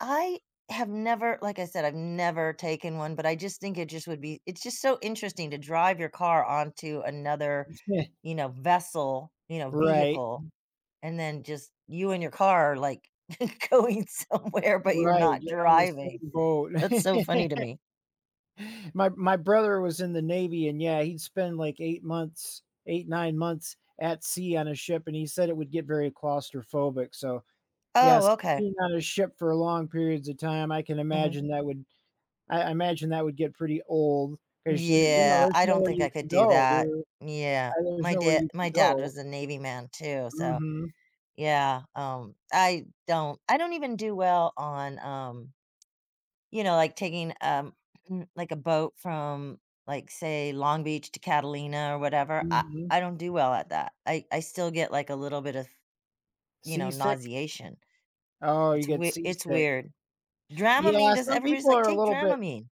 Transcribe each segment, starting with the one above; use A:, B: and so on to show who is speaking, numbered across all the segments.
A: I have never, like I said, I've never taken one, but I just think it just would be it's just so interesting to drive your car onto another, you know, vessel, you know,
B: Right.
A: vehicle, and then, just, you and your car are, like, going somewhere, but you're
B: Right,
A: not
B: you're on the
A: driving.
B: same boat.
A: That's so funny to me.
B: My my brother was in the Navy, and, yeah, he'd spend like 8 months, 8, 9 months at sea on a ship, and he said it would get very claustrophobic, so,
A: Oh,
B: yes,
A: okay.
B: being on a ship for long periods of time, I can
A: Mhm.
B: imagine that would I I imagine that would get pretty old, 'cause there you know,
A: Yeah,
B: there's
A: I don't
B: nowhere
A: think
B: you
A: I
B: can
A: could do
B: go,
A: that.
B: you're
A: Yeah,
B: I there's
A: my
B: nowhere
A: da
B: you can
A: my dad
B: go.
A: was a Navy man, too, so
B: Mhm.
A: Yeah, um, I don't I don't even do well on, um you know, like, taking, um, mm like, a boat from, like, say, Long Beach to Catalina, or whatever, I
B: Mhm.
A: I don't do well at that. I I still get, like, a little bit of, you know,
B: Seasick?
A: nauseation.
B: Oh, you
A: It's
B: get
A: wei it's
B: seasick.
A: weird. Dramamine
B: Yeah,
A: does
B: some
A: everybody's
B: people
A: like,
B: are a
A: "Take
B: little bit
A: Dramamine."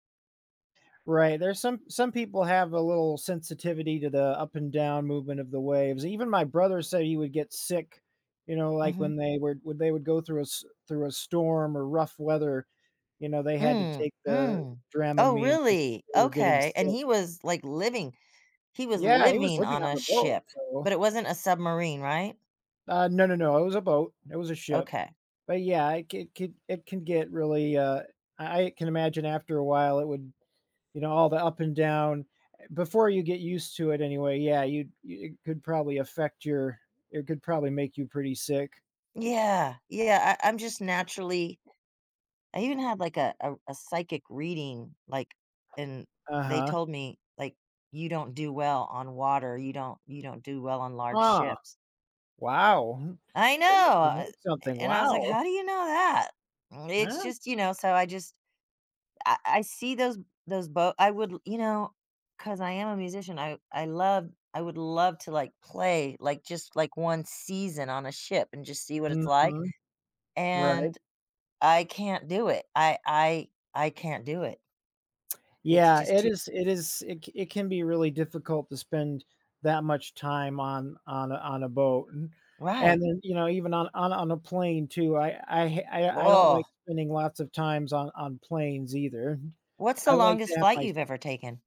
B: Right, there's some some people have a little sensitivity to the up and down movement of the waves. Even my brother said he would get sick, you know, like,
A: Mhm.
B: when they were when they would go through a s through a storm, or rough weather, you know, they had to
A: Mm,
B: take the
A: mm. Oh,
B: Dramamine, 'cause
A: really?
B: they were getting
A: Okay. And,
B: sick.
A: he was, like, living he was
B: Yeah, he was
A: living
B: living
A: on
B: on
A: a
B: the boat,
A: ship,
B: so.
A: but it wasn't a submarine, right?
B: Uh, no, no, no, it was a boat, it was a ship.
A: Okay.
B: But, yeah, it could could it can get really, uh I I can imagine after a while it would you know, all the up and down eh, before you get used to it, anyway, yeah you it could probably affect your it could probably make you pretty sick.
A: Yeah, yeah. I I'm just naturally I even had, like, a a r a psychic reading, like, and they
B: Uh-huh.
A: told me, like, "You don't do well on water, you don't you don't do well on large
B: Huh,
A: ships."
B: wow.
A: I know!
B: They must have
A: Uh,
B: heard
A: eh,
B: something.
A: and I was like,
B: Wow.
A: "How do you know that?" It's
B: Huh?
A: just, you know, so I just I I see those those boat I would l you know, 'cause I am a musician, I I love I would love to, like, play, like, just, like, 1 season on a ship, and just see what it's like,
B: Mhm, right.
A: and I can't do it; I I I can't do it It's
B: Yeah,
A: just
B: it
A: too
B: is it is it c it can be really difficult to spend that much time on on a on a boat. and and
A: Right!
B: then, you know, even on on on a plane, too, I I ha I don't
A: Whoa.
B: like spending lots of times on on planes, either.
A: What's the
B: I like to
A: longest
B: have
A: flight
B: my s
A: you've ever taken?